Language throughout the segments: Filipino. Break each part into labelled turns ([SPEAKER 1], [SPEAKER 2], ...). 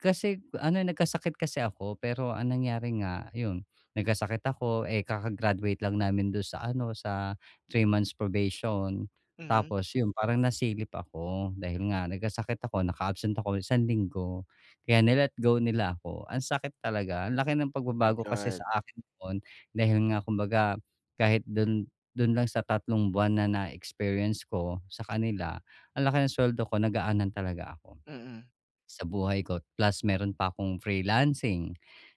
[SPEAKER 1] Kasi ano, eh, nagkasakit kasi ako, pero ang nangyari nga, yun nagkasakit ako, eh, kaka-graduate lang namin do'n sa ano, sa 3 months probation.
[SPEAKER 2] Hmm.
[SPEAKER 1] Tapos yun, parang nasilip ako dahil nga nagkasakit ako, naka-absent ako ng isang linggo, kaya ni-let go nila ako. Ang sakit talaga. Ang laki ng
[SPEAKER 2] My
[SPEAKER 1] pagbabago kasi
[SPEAKER 2] god.
[SPEAKER 1] sa akin noon, dahil nga kumbaga kahit dun dun lang sa tatlong buwan na na-experience ko sa kanila, ang laki ng suweldo ko, nagaanan talaga ako,
[SPEAKER 2] Mm.
[SPEAKER 1] sa buhay ko plus meron pa akong freelancing,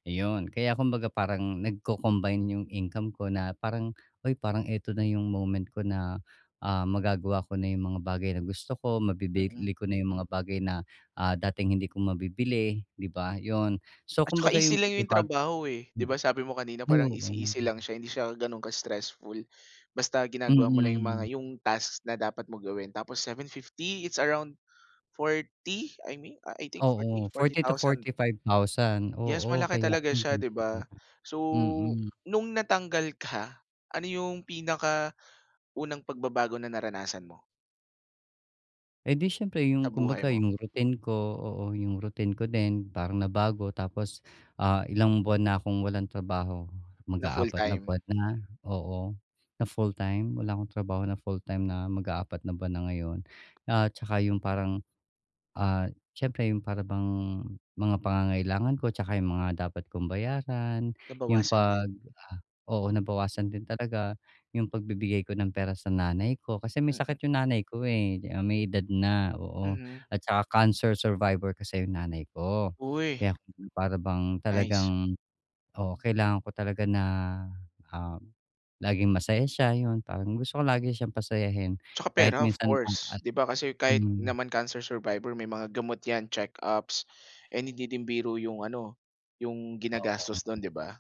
[SPEAKER 1] iyon. Kaya kumbaga parang nagco-combine yung income ko na parang, "Uy, parang eto na yung moment ko na, ah, magagawa ko na yung mga bagay na gusto ko,
[SPEAKER 2] Mm.
[SPEAKER 1] mabibili ko na yung mga bagay na, ah, dating hindi ko mabibili," 'di ba? 'Yon, so
[SPEAKER 2] At 'tsaka
[SPEAKER 1] kumbaga
[SPEAKER 2] easy
[SPEAKER 1] yung
[SPEAKER 2] lang yung
[SPEAKER 1] pagbabago
[SPEAKER 2] trabaho, eh. 'Di
[SPEAKER 1] M
[SPEAKER 2] ba sabi mo kanina
[SPEAKER 1] ay,
[SPEAKER 2] parang
[SPEAKER 1] oo.
[SPEAKER 2] easy, easy lang siya, hindi siya gano'ng ka-stressful. Basta ginagawa mo lang yung mga
[SPEAKER 1] Mm.
[SPEAKER 2] yung task na dapat mong gawin. Tapos 750, it's around 40? I mean, I think 40,
[SPEAKER 1] Oo,
[SPEAKER 2] forty
[SPEAKER 1] 40 to
[SPEAKER 2] thousand.
[SPEAKER 1] 45 thousand.
[SPEAKER 2] Yes,
[SPEAKER 1] Oo,
[SPEAKER 2] malaki
[SPEAKER 1] kaya
[SPEAKER 2] talaga siya, 'di
[SPEAKER 1] [unintelligible]
[SPEAKER 2] ba? So,
[SPEAKER 1] mm.
[SPEAKER 2] nung natanggal ka, ano yung pinakaunang pagbabago na naranasan mo?
[SPEAKER 1] Edi siyempre,
[SPEAKER 2] Sa
[SPEAKER 1] yung
[SPEAKER 2] buhay
[SPEAKER 1] kumbaga
[SPEAKER 2] mo?
[SPEAKER 1] yung routine ko, oo. Yung routine ko din, parang nabago. Tapos, ah, ilang buwan na akong walang trabaho.
[SPEAKER 2] Na full
[SPEAKER 1] Mag-aapat na
[SPEAKER 2] time?
[SPEAKER 1] buwan na oo, na full-time? Wala akong trabaho na full-time na mag-aapat na buwan na ngayon. At 'tsaka yung parang, ah, siyempre, yung para bang mga pangangailangan ko 'tsaka yung mga dapat kong bayaran, yung
[SPEAKER 2] Nabawasan din.
[SPEAKER 1] pag oo, nabawasan din talaga, yung pagbibigay ko ng pera sa nanay ko. Kasi may
[SPEAKER 2] Mm.
[SPEAKER 1] sakit yung nanay ko, eh. Ah, may edad na, oo.
[SPEAKER 2] Mhm.
[SPEAKER 1] At tsaka cancer survivor kasi yung nanay ko.
[SPEAKER 2] Uy.
[SPEAKER 1] Kaya para bang
[SPEAKER 2] Nice.
[SPEAKER 1] talagang oo, kailangan ko talaga na, um, laging masaya siya. 'Yon, parang gusto ko lagi siyang pasayahin
[SPEAKER 2] 'Tsaka pera,
[SPEAKER 1] kahit
[SPEAKER 2] of
[SPEAKER 1] minsan lang
[SPEAKER 2] course.
[SPEAKER 1] at
[SPEAKER 2] 'Di ba, kasi kahit
[SPEAKER 1] hmm.
[SPEAKER 2] naman cancer survivor, may mga gamot 'yan, check-ups, and hindi rin biro yung ano, yung
[SPEAKER 1] Oo.
[SPEAKER 2] ginagastos 'don, 'di ba?